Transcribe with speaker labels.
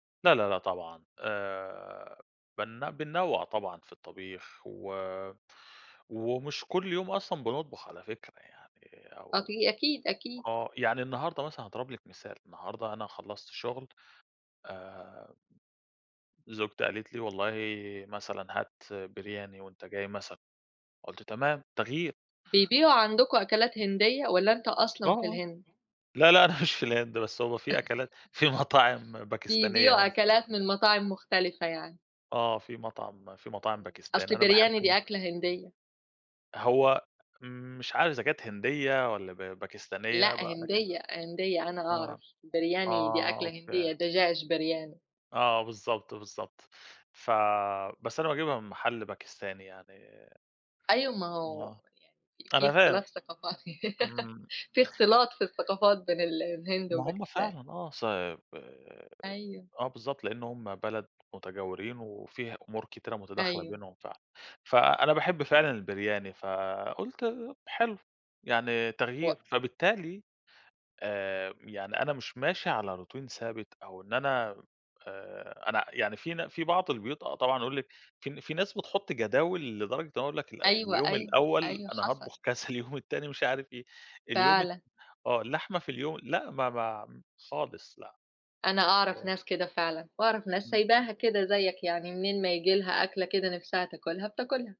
Speaker 1: لأ، لأ، لأ طبعًا آآ بن بننوّع طبعًا في الطبيخ، و ومش كُلّ يوم أصلًا بنطبُخ على فكرة، يعني
Speaker 2: آه، ب
Speaker 1: أو
Speaker 2: أكيد، أكيد.
Speaker 1: آه، يعني النهارده مثلًا هاضرب لِك مثال، النهارده أنا خلّصت شُغل آمم، زوجتي قالت لي والله مثلًا هات Biryani وأنت جاي مثلًا، قُلت تمام تغيير.
Speaker 2: بيبيعوا عندكم أكلات هندية، والّا أنت
Speaker 1: آه،
Speaker 2: أصلًا في
Speaker 1: آه
Speaker 2: الهند؟
Speaker 1: لأ، لأ أنا مش في الهند بس هو في أكلات في مطاعم باكستانية
Speaker 2: بيبيعوا
Speaker 1: هنا.
Speaker 2: أكلات من مطاعم مختلفة يعني.
Speaker 1: آه، في مطعم في مطاعم باكستاني،
Speaker 2: أصل
Speaker 1: أنا باحب
Speaker 2: Biryani
Speaker 1: ال
Speaker 2: دي أكلة هندية.
Speaker 1: هو م مش عارف إذا كانت هندية، والّا ب باكستانية
Speaker 2: لأ
Speaker 1: بقى لكن
Speaker 2: هندية، هندية أنا
Speaker 1: آه،
Speaker 2: أعرف Biryani دي
Speaker 1: آه
Speaker 2: أكلة
Speaker 1: أوكي.
Speaker 2: هندية، دجاج Biryani.
Speaker 1: آه بالضبط، بالضبط، ف بس أنا باجيبها من محل باكستاني يعني
Speaker 2: أيوه ما هو
Speaker 1: آه،
Speaker 2: يعني في
Speaker 1: أنا فاهم،
Speaker 2: اختلاف ثقافات
Speaker 1: إمم.
Speaker 2: في اختلاط في الثقافات بين ال الهند
Speaker 1: ما هُم
Speaker 2: وباكستان.
Speaker 1: فعلًا آه، صب
Speaker 2: أيوه.
Speaker 1: آه بالضبط، لإن هُم بلد مُتجاورين، وفي أُمور كتيرة متداخلة
Speaker 2: أيوه.
Speaker 1: بينهم فعلًا، فأنا باحب فعلًا الBiryani فقُلت ب حلو يعني
Speaker 2: و
Speaker 1: تغيير، فبالتالي آآ يعني أنا مش ماشي على Routine ثابت، أو إن أنا م آآ أنا يعني في نا في بعض البيوت آه، طبعًا يقول لِك في ن في ناس بتحُطّ جداول، لدرجة إن هو يقول لك ال
Speaker 2: أيوه،
Speaker 1: اليوم
Speaker 2: أيوه،
Speaker 1: الأول
Speaker 2: أيوه
Speaker 1: أنا
Speaker 2: حصل.
Speaker 1: هاطبُخ كذا، اليوم التاني مش عارف إيه، اليوم الت
Speaker 2: فعلًا.
Speaker 1: آه، اللحمة في اليوم لأ، ما ما خالص لأ،
Speaker 2: أنا أعرف
Speaker 1: إيه
Speaker 2: ناس كده فعلًا، واعرف ناس
Speaker 1: إمم.
Speaker 2: سيباها كده زيّك يعني منين ما ييجي لها أكلة كده نفسها تاكلها بتاكلها.